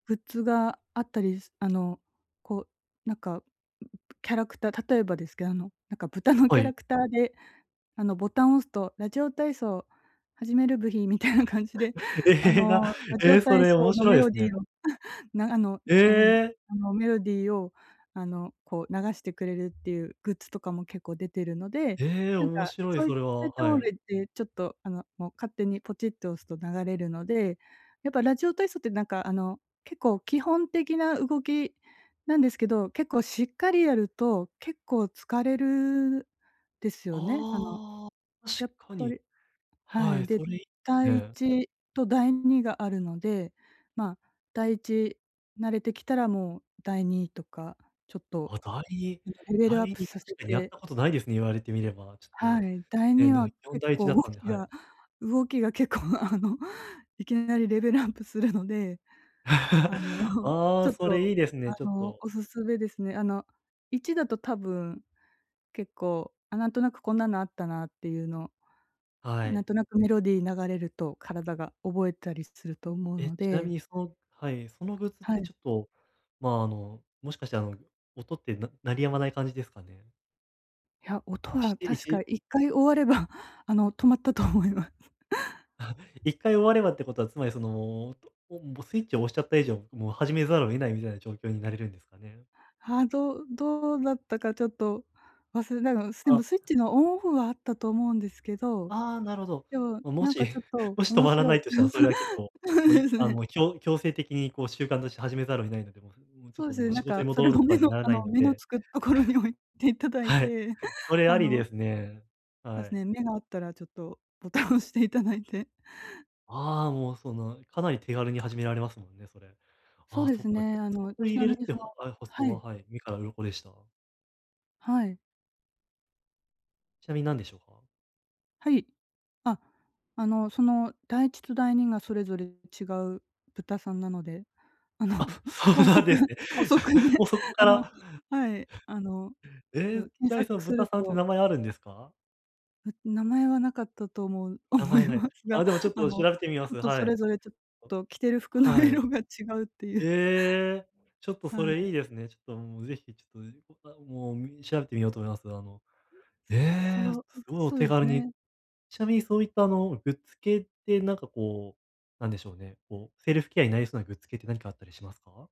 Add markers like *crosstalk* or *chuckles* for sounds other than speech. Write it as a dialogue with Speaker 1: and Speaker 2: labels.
Speaker 1: グッズがあったり、すあの、こう、なんか、キャラクター例えばですけ、あの、なんか、豚のキ
Speaker 2: は
Speaker 1: ャラ
Speaker 2: い。
Speaker 1: クターで、あの、ボタン押すと、「ラジオ体操始めるブヒ」みたいな感じで、あ
Speaker 2: ええ、な
Speaker 1: の、ラジ
Speaker 2: え
Speaker 1: オ
Speaker 2: え、そ
Speaker 1: 体
Speaker 2: れ
Speaker 1: 操
Speaker 2: 面
Speaker 1: の
Speaker 2: 白い
Speaker 1: メ
Speaker 2: で
Speaker 1: ロ
Speaker 2: す
Speaker 1: ディ
Speaker 2: ね。
Speaker 1: ーを、なあの、あなの
Speaker 2: ええ。
Speaker 1: あの、メロディーを、あの、こう、流してくれるっていうグッズとかも結構出てるので、
Speaker 2: ええ、
Speaker 1: なん
Speaker 2: 面
Speaker 1: か、
Speaker 2: 白い、
Speaker 1: そうい
Speaker 2: それ
Speaker 1: そう
Speaker 2: は、
Speaker 1: いった
Speaker 2: は
Speaker 1: もの
Speaker 2: い。
Speaker 1: いって、ちょっと、あの、もう、勝手にポチッと押すと流れるので、やっぱ、ラジオ体操って、なんか、あの、結構基本的な動きなんですけど、結構しっかりやると結構疲れる、ですよね、あの、
Speaker 2: ああ、確
Speaker 1: やっ
Speaker 2: か
Speaker 1: ぱ
Speaker 2: に。
Speaker 1: りは
Speaker 2: は
Speaker 1: い、
Speaker 2: い、
Speaker 1: で、
Speaker 2: それ、い
Speaker 1: だ
Speaker 2: ね、
Speaker 1: いい
Speaker 2: はい。
Speaker 1: ちと第2があるので、まあ、第1慣れてきたらもう第2とか、ちょっと
Speaker 2: あ、だいい
Speaker 1: なんかレベ
Speaker 2: だ
Speaker 1: ル
Speaker 2: い
Speaker 1: アップ
Speaker 2: に
Speaker 1: さ
Speaker 2: た
Speaker 1: せ
Speaker 2: しかに、やっ
Speaker 1: て
Speaker 2: たことないですね、言われてみれば、ちょ
Speaker 1: は
Speaker 2: っと、
Speaker 1: い、だい
Speaker 2: え
Speaker 1: に
Speaker 2: な
Speaker 1: は
Speaker 2: 基本、
Speaker 1: 結
Speaker 2: 第1だ
Speaker 1: 構
Speaker 2: っ
Speaker 1: 動
Speaker 2: たんで、
Speaker 1: き
Speaker 2: はい。
Speaker 1: が動きが結構、あの、いきなりレベルアップするので、あの、
Speaker 2: *chuckles* あ
Speaker 1: ちょ
Speaker 2: あ、
Speaker 1: っ
Speaker 2: そ
Speaker 1: と、
Speaker 2: れいいです
Speaker 1: あ
Speaker 2: ね、ちょっ
Speaker 1: の、
Speaker 2: と
Speaker 1: お勧めですね。あの、1だと多分、結構、あ、なんとなくこんなのあったなっていうの、
Speaker 2: は
Speaker 1: なん
Speaker 2: い。
Speaker 1: となくメロディー流れると、体が覚えたりすると思う
Speaker 2: え、
Speaker 1: の
Speaker 2: ちなみ
Speaker 1: で
Speaker 2: にそのはい、そのグッズっ
Speaker 1: はい。
Speaker 2: てちょっと、まあ、あの、もしかして、あの、音ってな鳴り止まない感じですかね？
Speaker 1: いや、音
Speaker 2: しっ
Speaker 1: は
Speaker 2: てい
Speaker 1: 確か
Speaker 2: ち
Speaker 1: 1回終われば、あの、止まったと思います。
Speaker 2: *chuckles*
Speaker 1: *chuckles*
Speaker 2: 1回終わればってことはつまりその、おも、スイッチを押しちゃった以上、もう始めざるを得ないみたいな状況になれるんですかね？
Speaker 1: はあ、どうどうだったかちょっと忘れたの、なんか、すで
Speaker 2: あ
Speaker 1: もスイッチのオンオフはあったと思うんですけど、
Speaker 2: ああ、なるほど。
Speaker 1: でも、
Speaker 2: ま、も
Speaker 1: なん
Speaker 2: し、
Speaker 1: か、ちょっと
Speaker 2: もし止
Speaker 1: 面
Speaker 2: まら
Speaker 1: 白
Speaker 2: な
Speaker 1: い
Speaker 2: いとし
Speaker 1: う
Speaker 2: たら、
Speaker 1: ん、
Speaker 2: そ
Speaker 1: そ
Speaker 2: れは結構、
Speaker 1: そう
Speaker 2: も、
Speaker 1: で
Speaker 2: い
Speaker 1: す
Speaker 2: あ、
Speaker 1: ね。
Speaker 2: もう、きょ強制的にこう習慣として始めざるを得ないので、も、うーん、もう、ちょっ
Speaker 1: そう
Speaker 2: と
Speaker 1: ですね、
Speaker 2: もう
Speaker 1: なん
Speaker 2: 仕事
Speaker 1: か
Speaker 2: に
Speaker 1: それ
Speaker 2: 戻る、
Speaker 1: も目
Speaker 2: かに
Speaker 1: の
Speaker 2: なら
Speaker 1: あ
Speaker 2: な
Speaker 1: の、
Speaker 2: いの
Speaker 1: 目の
Speaker 2: で
Speaker 1: つくとこに置いていただい
Speaker 2: はい、
Speaker 1: て、
Speaker 2: それ
Speaker 1: あ
Speaker 2: ありで
Speaker 1: の
Speaker 2: すね。
Speaker 1: そうで
Speaker 2: は
Speaker 1: すね、
Speaker 2: い。
Speaker 1: 目が合ったらちょっとボタン押していただいて。
Speaker 2: ああ、もう、その、かなり手軽に始められますもんね、それ。
Speaker 1: そ
Speaker 2: あ
Speaker 1: う
Speaker 2: あ
Speaker 1: で
Speaker 2: そ
Speaker 1: す
Speaker 2: っか、
Speaker 1: ね。あ
Speaker 2: *unintelligible*
Speaker 1: の、ち
Speaker 2: 入
Speaker 1: な
Speaker 2: れる
Speaker 1: み
Speaker 2: っ
Speaker 1: に、
Speaker 2: て、
Speaker 1: そ
Speaker 2: は
Speaker 1: の
Speaker 2: あ、発想
Speaker 1: は
Speaker 2: は、
Speaker 1: い。
Speaker 2: はい、目から鱗でした。
Speaker 1: はい。
Speaker 2: ちなみになんでしょうか？
Speaker 1: はい。あ、あの、その、第1と第2がそれぞれ違う豚さんなので、あの、
Speaker 2: あ、そ
Speaker 1: ほ
Speaker 2: う
Speaker 1: う
Speaker 2: な
Speaker 1: そ
Speaker 2: ん
Speaker 1: く
Speaker 2: ですね。
Speaker 1: ほそくで、
Speaker 2: *chuckles* も、そこ
Speaker 1: あ
Speaker 2: か
Speaker 1: の
Speaker 2: ら
Speaker 1: はい、あの
Speaker 2: え
Speaker 1: そ
Speaker 2: え、
Speaker 1: う、
Speaker 2: ち
Speaker 1: 検
Speaker 2: なみにその
Speaker 1: 索す
Speaker 2: 豚
Speaker 1: る
Speaker 2: さんって
Speaker 1: と
Speaker 2: 名前あるんですか？
Speaker 1: ん名前は無かったと思う
Speaker 2: 名
Speaker 1: 思
Speaker 2: 前
Speaker 1: い
Speaker 2: ない。
Speaker 1: ます
Speaker 2: あ、
Speaker 1: が、
Speaker 2: でも、ちょっ
Speaker 1: あ
Speaker 2: と、調
Speaker 1: の、
Speaker 2: べてみま
Speaker 1: ちょ
Speaker 2: す、
Speaker 1: っと、
Speaker 2: は
Speaker 1: それ
Speaker 2: い。
Speaker 1: ぞれちょっと着てる服の
Speaker 2: はい。
Speaker 1: 色が違うってゆう
Speaker 2: ええ、ちょっと、そ
Speaker 1: は
Speaker 2: れいい
Speaker 1: い。
Speaker 2: ですね。ちょっと、もう、ぜひ、ちょっと、う、あ、もう、み調べてみようと思います。あの、え
Speaker 1: そ
Speaker 2: え、
Speaker 1: う、ん、
Speaker 2: すごいお
Speaker 1: そう
Speaker 2: 手
Speaker 1: です
Speaker 2: 軽に
Speaker 1: ね。
Speaker 2: ちなみにそういった、あの、グッズ系ってなんかこう、なんでしょうね、こう、セルフケアになりそうなグッズ系って何かあったりしますか？